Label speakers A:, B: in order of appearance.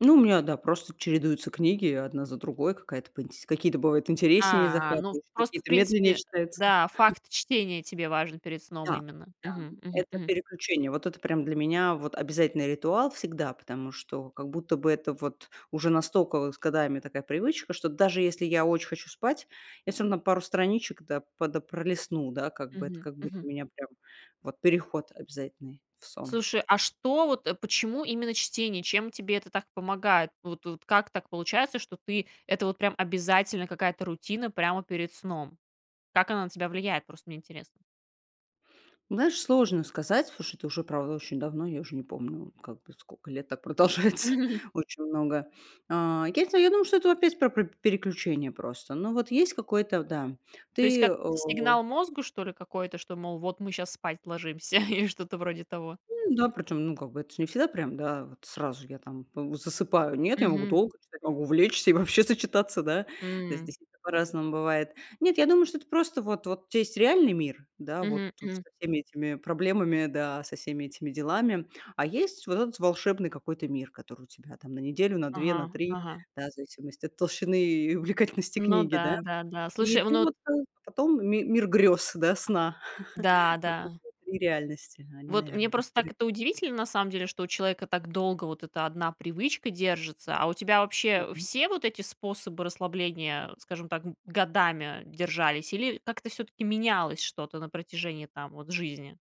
A: Ну, у меня, да, просто чередуются книги одна за другой, какая-то поинтс какие-то бывают интереснее,
B: А, ну,
A: захватывающие,
B: просто, в
A: какие-то медленнее
B: принципе,
A: читаются.
B: да, факт чтения тебе важен перед сном
A: Да,
B: именно.
A: да,
B: Мгм мгм
A: это
B: мгм.
A: переключение. Вот это прямо для меня вот обязательный ритуал всегда, потому что как будто бы это вот уже настолько с годами такая привычка, что даже если я очень хочу спать, я всё равно пару страничек, да, пода пролистну, да, как бы это,
B: Мгм
A: как будто
B: мгм.
A: у меня прям переход обязательный в сон.
B: Слушай, а что вот, э, почему именно чтение? Чем тебе это так помогает? Вот вот как так получается, что ты это вот прям обязательно, какая-то рутина прямо перед сном? Как она на тебя влияет? Просто мне интересно.
A: Знаешь, сложно сказать. Слушай, ты уже, правда, очень давно, я уже не помню, как бы скока лет так продолжается, очень много. А, я те я думаю, что это опять про переключение просто. Ну вот есть какое-то Да,
B: То есть,
A: ты, э
B: как сигнал мозгу что ли какой-то, что мол, вот мы сейчас спать ложимся или что-то вроде того?
A: М, да, причём, ну как бы это ж не всегда прям да, вот сразу я там, п засыпаю. Нет, я могу
B: Мгм.
A: долго, читать, могу увлечься и вообще зачитаться, да.
B: М.
A: Здесь это по-разному бывает. Нет, я думаю, что это просто вот вот у тя есть реальный мир, да, вот
B: Мгм
A: со
B: мгм.
A: всеми этими проблемами, да, со всеми этими делами, а есть вот этот волшебный какой-то мир, который у тебя там на неделю, на 2, на
B: Ага
A: 3,
B: ага.
A: да, в зависимости от толщины и увлекательности
B: Ну
A: книги, да,
B: да да да,
A: и
B: слушай,
A: ты
B: ну
A: вот, э, потом ми мир грёз, да, сна.
B: Да
A: Вот это
B: да.
A: 3 реальности. Они,
B: Вот мне,
A: наверное, так
B: просто,
A: перед
B: так это
A: вами.
B: удивительно, на самом деле, что у человека так долго вот эта одна привычка держится, а у тебя вообще
A: Мгм.
B: все вот эти способы расслабления, скажем так, годами держались или как-то всё-таки менялось что-то на протяжении там вот жизни?